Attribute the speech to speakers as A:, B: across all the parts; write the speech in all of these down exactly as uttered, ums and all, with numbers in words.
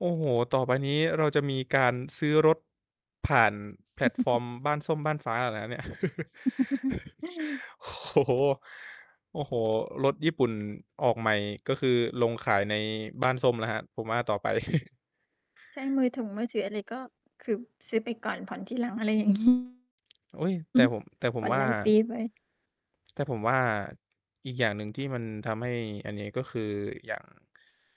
A: โอ้โฮ ต่อไปนี้เราจะมีการซื้อรถ ผ่านแพลตฟอร์มบ้านส้มบ้านฟ้าเหรอครับเนี่ย โอ้โฮ โอ้โฮ รถญี่ปุ่นออกใหม่ ก็คือลงขายในบ้านส้มแล้วครับ ผมว่าต่อไป
B: ใช้มือถุงมือถืออะไร ก็ คือซื้อไปก่อนผ่อนทีหลัง อะไรอย่าง งี้
A: อุ๊ย แต่ผม แต่ผ
B: ผ
A: ม
B: ่อน
A: ว่า
B: รายปีไป
A: แต่ผมว่าอีกอย่างหนึ่ง ที่มันทำให้อันนี้ ก็คืออย่าง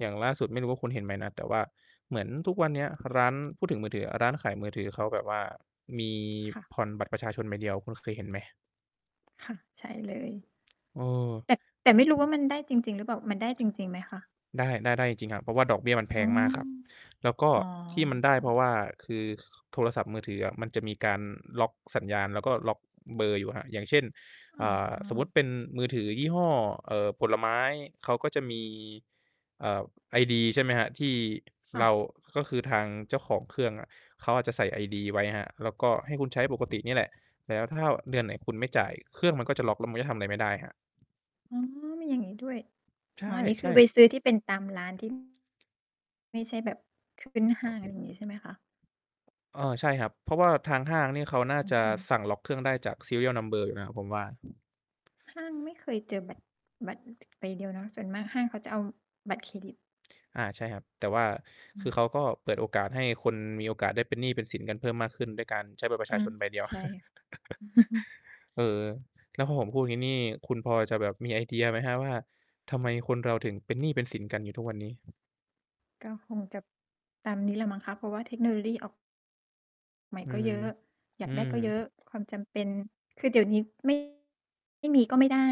A: อย่างล่าสุด ไม่รู้ว่าคุณเห็นไหมนะ? แต่ว่าเหมือนทุกวันเนี้ย ร้าน พูดถึงมือถืออะ ร้านขายมือถือเขาแบบว่า มี
B: ค่ะ
A: ผ่อนบัตรประชาชนใบเดียว คุณเคยเห็นไหม?
B: ค่ะ ใช่เลย
A: เออ
B: แต่ แต่ไม่รู้ว่ามันได้จริง ๆ หรือเปล่า? มันได้จริง ๆ ไหมคะ?
A: ได้ ได้ ได้จริง ๆ ครับ เพราะว่าดอกเบี้ยมันแพ
B: อ่อ
A: งมากครับ แล้วก็
B: อ๋อ
A: ที่มันได้เพราะว่า คือ ค โทรศัพท์มือถืออะ มันจะมีการล็อกสัญญาณ แล้วก็ล็อกเบอร์อยู่ครับ อย่างเช่น
B: อ๋
A: อ่า สมมุต
B: อ
A: ิเป็นมือถือยี่ห้อ เอ่อ ผลไม้ เขาก็จะมี อ่า ไอดี ใช่ไหมครับ ที่
B: ค่
A: เร
B: ะ
A: า ก็คือทางเจ้าของเครื่องอะ เขาอาจจะใส่ไอดีไว้ครับ แล้วก็ให้คุณใช้ปกตินี่แหละ แต่ว่าถ้าเดือนไหนคุณไม่จ่าย เครื่องมันก็จะล็อก แล้วมันก็ทำอะไรไม่ได้ครับ
B: อ๋อ มีอย่างงี้ด้วย
A: ใ
B: อ๋อ นี่ค
A: ช
B: ือ
A: ่
B: ไป
A: ๆ
B: ซื้อที่เป็นตามร้าน ที่ ไม่ใช่แบบขึ้นห
A: อ
B: ้า
A: า
B: ง อะไรอย่างงี้ใช่ไหมคะ?
A: เออ ใช่ครับ เพราะว่าทางห้างนี่ เขาน่า
B: อ
A: จะ
B: อือ
A: สั่งล็อกเครื่องได้จาก serial number อยู่นะครับผมว่า
B: ห้างไม่เคยเจอบัตร บัตรใบเดียวเนาะ ส่วนมากห้างเขาจะเอาบัตรเครดิต
A: อา ใช่ครับ แต่ว่า
B: อื
A: คือเขา
B: ม
A: ก็เปิดโอกาสให้คนมีโอกาสได้เป็นหนี้เป็นสินกันเพิ่มมากขึ้น ด้วยการใช้บัตรปร
B: อ
A: ะช
B: า
A: าชนใบเดียว
B: ใช่
A: เออ แล้วพอผมพูดอย่างงี้นี่ คุณพอจะแบบมีไอเดียไหมครับว่า ทำไมคนเราถึงเป็นหนี้เป็นสินกันอยู่ทุกวันนี้?
B: ก็คงจะตามนี้ล่ะมั้งคะ เพราะว่าเทคโนโลลี่ ออก ใหม่
A: อื
B: ก็
A: ม
B: เยอะ อย
A: อื
B: ากได้
A: ม
B: ก็เยอะ ความจำเป็น คือเดี๋ยวนี้ ไม่ ไม่มีก็ไม่ได้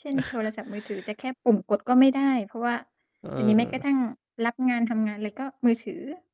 B: เช่น โทรศัพท์มือถือจะแค่ปุ่มกดก็ไม่ได้ เพราะว่า
A: เ
B: เดี๋ยวนี้แม้กระท
A: ออ
B: ั่งรับงานทำงานไรก็มือถือ